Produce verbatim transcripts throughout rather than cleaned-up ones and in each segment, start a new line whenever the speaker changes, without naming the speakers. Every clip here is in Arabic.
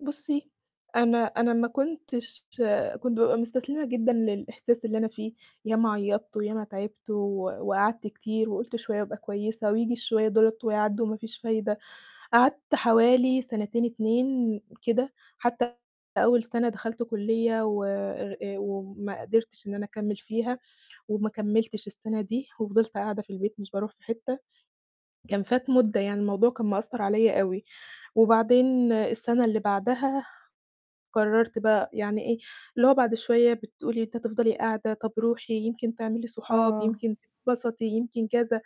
بُصّي، أنا أنا ما كنتش كنت بابقى مُستسلمة جدًا للإحساس اللي أنا فيه، ياما عيّطت وياما تعبت و وقعدت كتير وقُلت شوية وأبقى كويسة وييجي الشوية دُولة ويعدّوا وما فيش فايدة. قعدت حوالي سَنتين اتنين كده، حتى أول سَنة دخلت كُلّية و أر آآ وما قدرتش إن أنا أكمّل فيها وما كمّلتش السَنة دي وفضلت قاعدة في البيت مش باروح في حتة، كان فات مُدة، يعني الموضوع كان مأثّر عليّا أوي. وبعدين السَنة اللي بعدها قررت بقى يعني إيه، اللي هو بعد شوية بتقول لي أنتِ هتفضلي قاعدة؟ طَب روحي يمكن تعملي صحاب،
آه.
يمكن تتبسطي، يمكن كذا،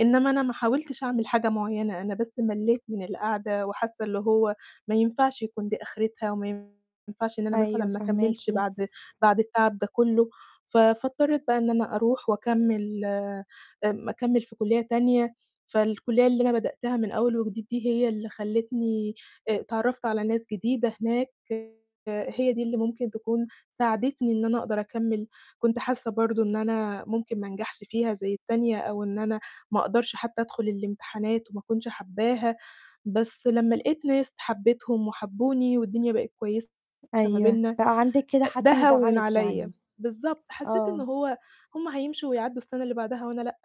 إنّما أنا ما حاولتش أعمل حاجة معيّنة، أنا بس ملّيت من القعدة وحاسّة اللي هو ما ينفعش يكون دي آخرتها وما ينفعش إن أنا مثلًا
أيوه
ما أكمّلش
فاهماكِ.
بعد بعد التعب ده كلّه، ف فاضطريت بقى إن أنا أروح وأكمّل آمم أكمّل في كُلّية تانية، فالكُلّية اللي أنا بدأتها من أول وجديد دي هي اللي خلّتني آآ اتعرّفت على ناس جديدة هناك آآ هي دي اللي ممكن تكون ساعدتني إن أنا أقدر أكمّل. كنت حاسّة برضه إن أنا ممكن ما أنجحش فيها زي التانية أو إن أنا ما أقدرش حتى أدخُل الإمتحانات وما أكونش حبّاها، بس لمّا لقيت ناس حبّيتهم وحبّوني والدنيا بقت كويسة ما
أيوه،
بيننا
بقى عندِك كده
آآ ده
حد
هوّن
يدعمِك
عليّا
يعني.
بالضبط، حسّيت إن
آه.
هو هُم هيمشوا ويعدّوا السَنة اللي بعدها وأنا لأ.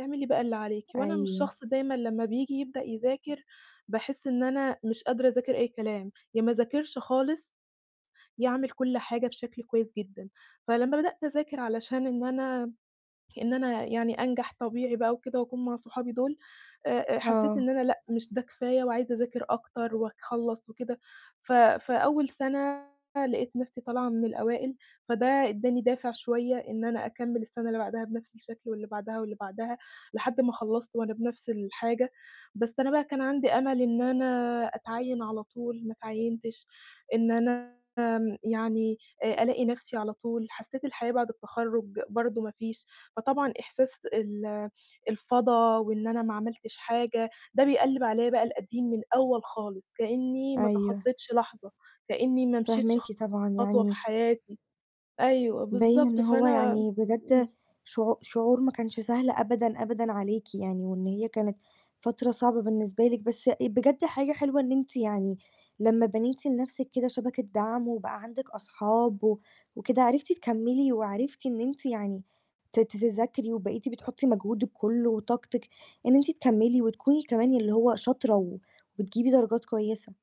اعملي بقى اللي عليكِ وأنا مش
أيوه.
شخص دايمًا لمّا بييجي يبدأ يذاكر، باحس إن أنا مش قادرة أذاكر أي كلام، يا ما أذاكرش خالص، يا أعمل كل حاجة بشكل كويس جدًا. فلمّا بدأت أذاكر علشان إن أنا م إن أنا يعني أنجح طبيعي بقى وكده وأكون مع صحابي دُول آآ آآ حسّيت
آه.
إن أنا لأ، مش ده كفاية وعايزة أذاكر أكتر أكخلّص وكده ف فأول سَنة لقيت نَفْسي طالعة من الأوائل، فده ادّاني دافع شوية إن أنا أكمّل السَنة اللي بعدها بنَفْس الشكل واللي بعدها واللي بعدها، لحد ما خلّصت وأنا بنَفْس الحاجة، بس أنا بقى كان عندي أمل إن أنا أتعيّن على طول، ما أتعيّنتش، إن أنا آمم يعني آآ ألاقي نَفْسي على طول، حسّيت الحياة بعد التخرُّج برضه ما فيش، فطبعًا إحساس ال الفَضا وإن أنا ما عملتش حاجة، ده بيقلّب عليّا بقى القديم من الأول خالص، كإنّي ما
أيوه.
تخطّيتش لحظة، كإنّي ما مشيتش
فاهماكِ، طبعًا
خطوة في
يعني
حياتي. أيوه،
باين إن
بالضبط،
هو
فأنا
يعني بجد
إمم.
شعو شعور ما كانش سهل أبدًا أبدًا عليكِ يعني، وإن هي كانت فترة صعبة بالنسبة لِك، بس آآ بجد حاجة حلوة إن أنتِ يعني لمّا بنيتِ لنَفْسِك كده شبكة دعم وبقى عندِك أصحاب و وكده، عرفتِ تكمّلي وعرفتِ إن أنتِ يعني ت ت تذاكري، وبقيتِ بتحطّي مجهودِك كلّه وطاقتِك إن أنتِ تكمّلي وتكوني كمان اللي هو شاطرة و وبتجيبي درجات كويسة.